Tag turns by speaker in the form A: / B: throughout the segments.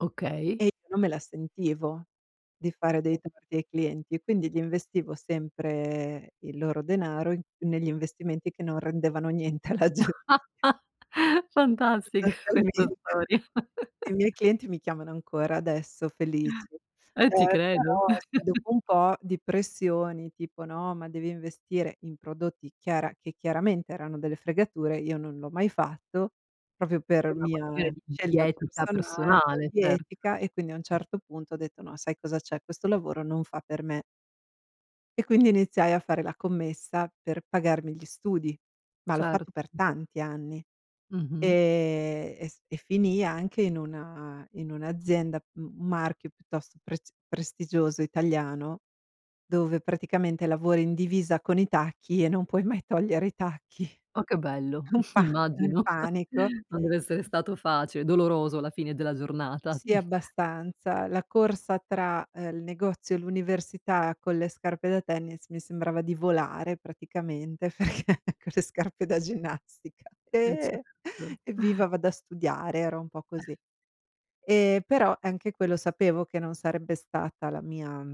A: Okay.
B: E non me la sentivo di fare dei torti ai clienti e quindi gli investivo sempre il loro denaro in negli investimenti che non rendevano niente alla gen
A: Fantastica questa
B: Sostanzialmente,
A: storia.
B: i miei clienti mi chiamano ancora adesso felic.
A: Eh, ti
B: Ehm,
A: credo.
B: però dopo un po' di pressioni tipo: "No, ma devi investire in prodotti chiara che chiaramente erano delle fregature", io non l'ho mai fatto proprio
A: Tipo
B: per
A: una questione
B: mia
A: di di
B: scelta
A: etica
B: personale,
A: personale,
B: di
A: cert
B: etica, e quindi a un certo punto ho detto: "No, sai cosa c'è? Questo lavoro non fa per me". E quindi iniziai a fare la commessa per pagarmi gli studi, ma l'ho
A: Cert
B: fatto per tanti anni.
A: Mh-mh.
B: Ehm, e s e finii anche in una in un'azienda, m marchio piuttosto prest prestigioso italiano, dove praticamente lavori in divisa con i tacchi e non puoi mai togliere i tacchi.
A: Oh, che bello,
B: Un pa il
A: immagino.
B: panico.
A: Non deve essere stato facile, doloroso alla fine della giornata.
B: Sì, abbastanza. La corsa tra, uhm, il negozio e l'università con le scarpe da tennis mi sembrava di volare, praticamente. Perché con le scarpe da ginnastica,
A: Eh,
B: eh,
A: certo.
B: "Evviva, vado a studiare", era un po' così. E però anche quello sapevo che non sarebbe stata la mia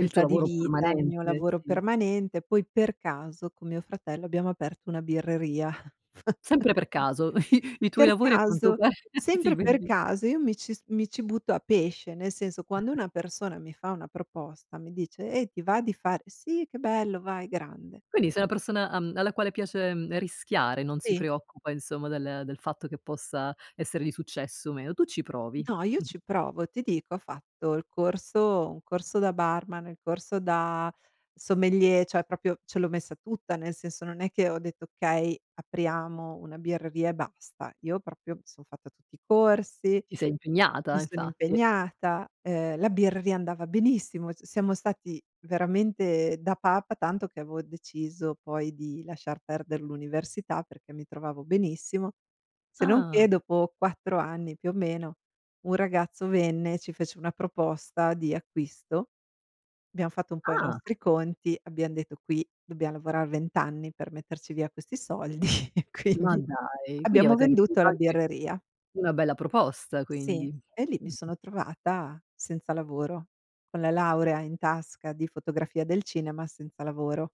A: Il tuo
B: di
A: lavoro
B: vita, il mio
A: permanente,
B: lavoro
A: sì.
B: permanente. Poi per caso con mio fratello abbiamo aperto una birreria. F
A: Sempre per caso, i i tuoi
B: per
A: lavori a quanto
B: caso,
A: ti
B: sempre per
A: vedi.
B: caso. Io mi ci s mi ci butto a pesce, nel senso quando una persona mi fa una proposta, mi dice: "Eh, ti va di fa" ,"Sì, che bello, vai, grande."
A: Quindi sei una persona, uhm, alla quale piace rischiare, non si
B: Sì.
A: preoccupa, insomma, del del fatto che possa essere di successo o meno. Tu ci provi.
B: No, io
A: Mh.
B: ci provo. Ti dico, ho fatto il corso un corso da barman, il corso da sommelier, cioè proprio ce l'ho messa tutta, nel senso non è che ho detto: "Okay, apriamo una birreria e basta." Io proprio mi sono fatta tutti i corsi,
A: Ti sei
B: mi
A: impegnata,
B: sono
A: infatti.
B: impegnata, uhm, la birreria andava benissimo. C siamo stati veramente da papa, tanto che avevo deciso poi di lasciar perder l'università perché mi trovavo benissimo. Se non che
A: Ah.
B: dopo 4 anni più o meno un ragazzo venne e ci fece una proposta di acquisto. Abbiamo fatto un po' i
A: Ah!
B: nostri conti, abbiamo detto: "Qui dobbiamo lavorare 20 anni per metterci via questi soldi", e
A: Ma
B: quindi
A: dai, quindi
B: abbiamo
A: avete
B: venduto
A: ricevuto
B: la
A: anche
B: birreria.
A: una bella proposta
B: Sì,
A: quindi?
B: e lì mi
A: Mh-mh.
B: sono trovata senza lavoro, con la laurea in tasca di fotografia del cinema senza lavoro.